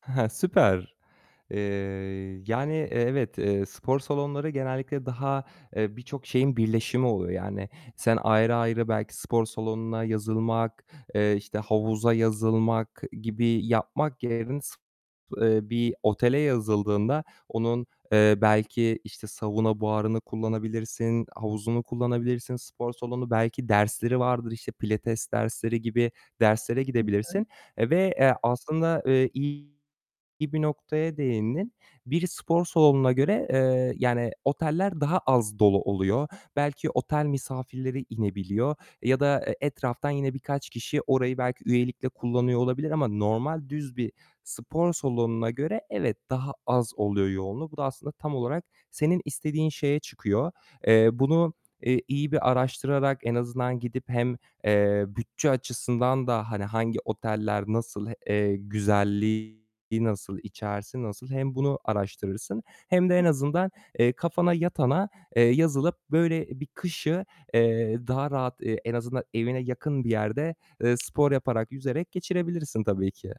Süper. Eee, yani, eee, evet, eee, spor salonları genellikle daha, eee, birçok şeyin birleşimi oluyor yani, sen ayrı ayrı belki spor salonuna yazılmak, eee, işte, havuza yazılmak gibi yapmak yerin [unintelligible] eee, bir otele yazıldığında onun, eee, belki, işte, sauna buharını kullanabilirsin, havuzunu kullanabilirsin; spor salonu belki dersleri vardır, işte, pilates dersleri gibi derslere Hı hı. gidebilirsin ve, eee, aslında, eee, iyi bir noktaya değindin. Biri spor salonuna göre, eee, yani oteller daha az dolu oluyor. Belki otel misafirleri inebiliyor ya da, eee, etraftan yine birkaç kişi orayı belki üyelikle kullanıyor olabilir ama normal düz bir spor salonuna göre evet, daha az oluyor yoğunluğu. Bu da aslında tam olarak senin istediğin şeye çıkıyor. Eee, bunu, eee, iyi bir araştırarak en azından gidip hem, eee, bütçe açısından da, hani, hangi oteller nasıl, eee, güzelliği nasıl içerisi, nasıl hem bunu araştırırsın hem de en azından, eee, kafana yatana, eee, yazılıp böyle bir kışı, eee, daha rahat, eee, en azından evine yakın bir yerde, eee, spor yaparak, yüzerek geçirebilirsin tabii ki.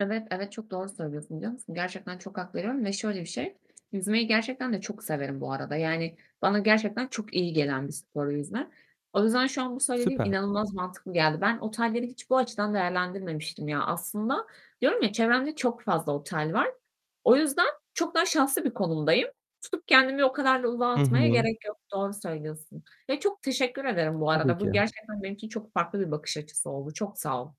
Evet, evet, çok doğru söylüyorsun biliyor musun? Gerçekten çok hak veriyorum ve şöyle bir şey: Yüzmeyi gerçekten de çok severim bu arada, yani bana gerçekten çok iyi gelen bir spor yüzme. O yüzden şu an bu söylediğim Süper. inanılmaz mantıklı geldi. Ben otelleri hiç bu açıdan değerlendirmemiştim ya aslında. Diyorum ya: "Çevremde çok fazla otel var." O yüzden, çok daha şanslı bir konumdayım. Tutup kendimi o kadar da ulağa Hı atmaya hı. gerek yok. Doğru söylüyorsun, ya çok teşekkür ederim bu Tabii arada. ki. Bu gerçekten benim için çok farklı bir bakış açısı oldu. Çok sağ ol.